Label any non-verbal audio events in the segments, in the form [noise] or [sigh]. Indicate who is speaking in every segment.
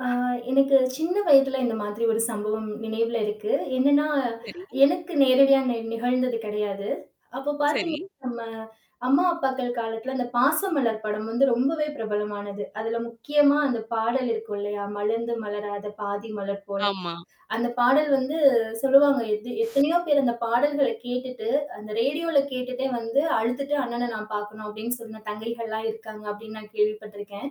Speaker 1: ஆ, எனக்கு சின்ன வயதில இந்தமாதிரி ஒரு சம்பவம் நினைவில இருக்கு. என்னென்னா,
Speaker 2: சரி.
Speaker 1: எனக்கு நேரடியா நெ நிகழ்ந்தது கிடையாது. அப்போ பாத்தீங்கன்னா,
Speaker 2: சரி.
Speaker 1: நம்ம அம்மா, அப்பாக்கள் காலத்தில அந்த "பாசமலர்" படம் வந்து ரொம்பவே பிரபலமானது. அதில முக்கியமா, அந்த பாடல் இருக்கும் இல்லயா! மலர்ந்து மலராத பாதி மலர் போல
Speaker 2: ஆமா.
Speaker 1: அந்த பாடல் வந்து சொல்லுவாங்க. எத் எத்தனையோ பேரு அந்த பாடல்கள கேட்டுட்டு, அந்த ரேடியோல கேட்டுட்டே வந்து அழுத்துட்டு அண்ணன நான் பாக்கணும் அப்பிடின்னு சொன்ன தங்கைகள்லாம் இருக்காங்க, அப்பிடின்னு, நான் கேள்விப்பட்டிருக்கிறேன்.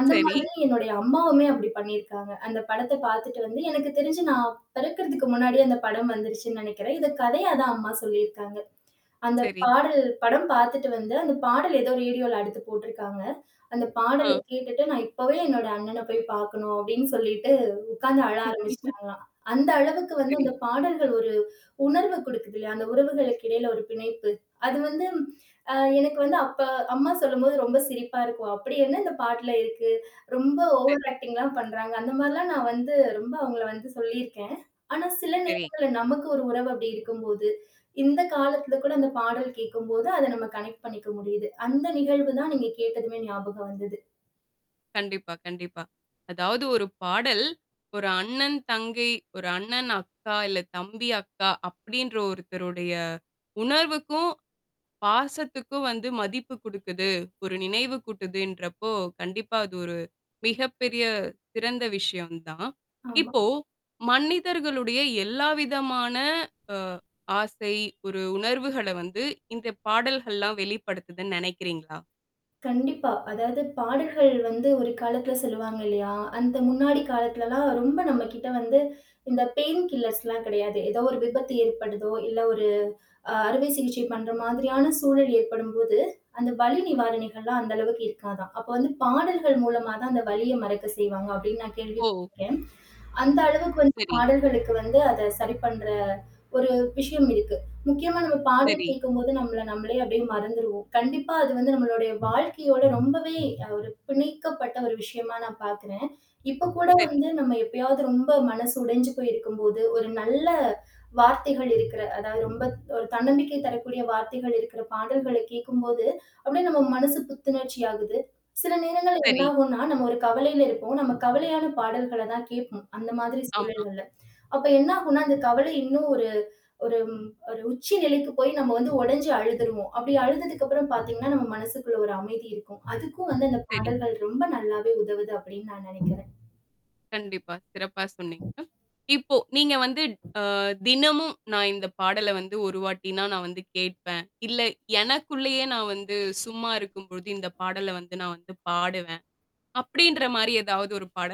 Speaker 1: அந்த
Speaker 2: சரி.
Speaker 1: மாதிரி என்னுடைய அம்மாவுமே, அப்பிடி பண்ணியிருக்காங்க. அந்த படத்த பாத்துட்டு வந்து எனக்கு தெரிச்சு நான் பிறக்கிறதற்கு முன்னாடியே, அந்த படம் வந்துருச்சுன்னு நினைக்கிறேன். இதை கதையா தான் அம்மா சொல்லியிருக்காங்க. அந்த
Speaker 2: சரி.
Speaker 1: பாடல் படம் பார்த்துவிட்டு வந்து அந்த பாடல் ஏதோ ரேடியோல அடுத்து போட்டிருக்காங்க. அந்த பாடல
Speaker 2: அ.
Speaker 1: கேட்டுட்டு நான் இப்பவே என்னோட அண்ணன போய் பாக்கண்ணும் அப்பிடின்னு சொல்லிட்டு உட்கார்ந்து அழ
Speaker 2: [chuckles]
Speaker 1: ஆரம்பிச்சுட்டாங்களாம். அந்த அளவுக்கு வந்து
Speaker 2: சரி.
Speaker 1: அந்த பாடல்கள் ஒரு உணர்வு கொடுக்குது இல்லயா! அந்த உறவுகளுக்கு இடையில ஒரு பிணைப்பு. அது வந்து அ எனக்கு வந்து, அப்ப அம்மா சொல்லும்போது ரொம்ப சிரிப்பா இருக்கும். அப்பிடி என்ன இந்த பாட்டுல இருக்கு. ரொம்ப
Speaker 2: சரி.
Speaker 1: ஓவர் ஆக்டிங் எல்லாம் பண்றாங்க. அந்த மாதிரி எல்லாம் நான் வந்து ரொம்ப அவுங்கள வந்து சொல்லியிருக்கேன். ஆனா சில
Speaker 2: சரி.
Speaker 1: நேரங்கள்ல நமக்கு ஒரு உறவு அப்பிடி இருக்கும்போது, இந்த காலத்தில கூட அந்த பாடல் கேட்கும்போது, அத நம்ம கனெக்ட் பண்ணிக்க முடியுது. அந்த நிகழ்வு தான் நீங்க கேட்டதுமே ஞாபகம் வந்தது.
Speaker 2: கண்டிப்பா, கண்டிப்பா, அதாவது ஒரு பாடல் ஒரு அண்ணன் தங்கை, ஒரு அண்ணன் அக்கா, இல்ல தம்பி, அக்கா, அப்பிடின்ற ஒருத்தருடைய உணர்வுக்கும், பாசத்துக்கும் வந்து மதிப்பு கொடுக்குது, ஒரு நினைவு கூட்டுதுன்றப்போ, கண்டிப்பா அது ஒரு மிகப்பெரிய சிறந்த விஷயம் தான்.
Speaker 1: ஆமா.
Speaker 2: இப்போ மனிதர்களுடைய, எல்லாவிதமான அ ஆசை ஒரு உணர்வுகள வந்து இந்த பாடல்கள்லாம் வெளிப்படுத்துதுன்னு, நினைக்கிறீங்களா?
Speaker 1: கண்டிப்பா. அதாவது பாடல்கள் வந்து ஒரு காலத்தில சொல்லுவாங்க இல்லயா! அந்த முன்னாடி காலத்திலலாம் ரொம்ப நம்மகிட்ட வந்து இந்த பெயின் கில்லர்ஸ் எல்லாம் கிடையாது. ஏதோ ஒரு விபத்து ஏற்படுதோ! இல்ல ஒரு அ அறுவை சிகிச்சை பண்ற மாதிரியான சூழல் ஏற்படும்போது அந்த வலி நிவாரணிகள்லாம் அந்த அளவுக்கு இருக்காதாம். அப்போ வந்து பாடல்கள் மூலமா தான், அந்த வலியை மறக்க செய்வாங்க. அப்பிடின்னு நான் கேள்வி
Speaker 2: ஓ!
Speaker 1: பட்ருக்கேன். அந்த அளவிற்கு வந்து
Speaker 2: சரி.
Speaker 1: பாடல்களுக்கு வந்து அத சரி பண்ற ஒரு விஷயம் இருக்கு. முக்கியமா நம்ம பாடல்
Speaker 2: சரி.
Speaker 1: கேட்கும்போது நம்மள நம்மளே அப்பிடியே மறந்துருவோம். கண்டிப்பா அது வந்து நம்மளுடைய வாழ்க்கையோட ரொம்பவே ஒரு பிணைக்கப்பட்ட ஒரு விஷயமா நான் பாக்குறேன். இப்போ கூட
Speaker 2: சரி.
Speaker 1: வந்து நம்ம எப்பயாவது ரொம்ப மனசு உடைஞ்சு போயிருக்கும் போது, ஒரு நல்ல வார்த்தைகள் இருக்கிற அதாவது ரொம்ப ஒரு தன்னம்பிக்கை தரக்கூடிய வார்த்தைகள் இருக்கிற, பாடல்கள கேட்கும்போது அப்பிடியே நம் மனசு புத்துணர்ச்சி ஆகுது. சில நேரங்கள்ல என்ன
Speaker 2: சரி.
Speaker 1: ஆகுன்னா, நம்ம ஒரு கவலையில இருப்போம். நம்ம கவலையான பாடல்கள தான் கேட்போம். அந்த மாதிரி
Speaker 2: ஆமா.
Speaker 1: சூழல்கள்ல. அப்போ என்ன ஆகுன்னா, அந்த கவலை இன்னும் ஒரு ஒரு, ஒரு உச்சி நிலைக்கு போய் நம்ம வந்து உடைஞ்சு அழுதுருவோம். அப்பிடி அழுததுக்கு அப்புறம் பாத்தீங்கன்னா, நம் மனசுகுள்ள ஒரு அமைதி இருக்கும். அதுக்கும் வந்து அந்த
Speaker 2: சரி.
Speaker 1: பாடல்கள் ரொம்ப நல்லாவே உதவுது அப்பிடின்னு நான் நினைக்கிறேன்.
Speaker 2: கண்டிப்பா, சிறப்பாக சொன்னீங்க. இப்போ நீங்க வந்து அ தினமும் நான் இந்த பாடல வந்து ஒரு வாட்டினா நான் வந்து கேட்பேன். இல்ல, எனக்குள்ளேயே நான் வந்து சும்மா இருக்கும்பொழுது இந்த பாடல வந்து நான் வந்து பாடுவேன் அப்பிடின்றமாரி எதாவது ஒரு பாடல்.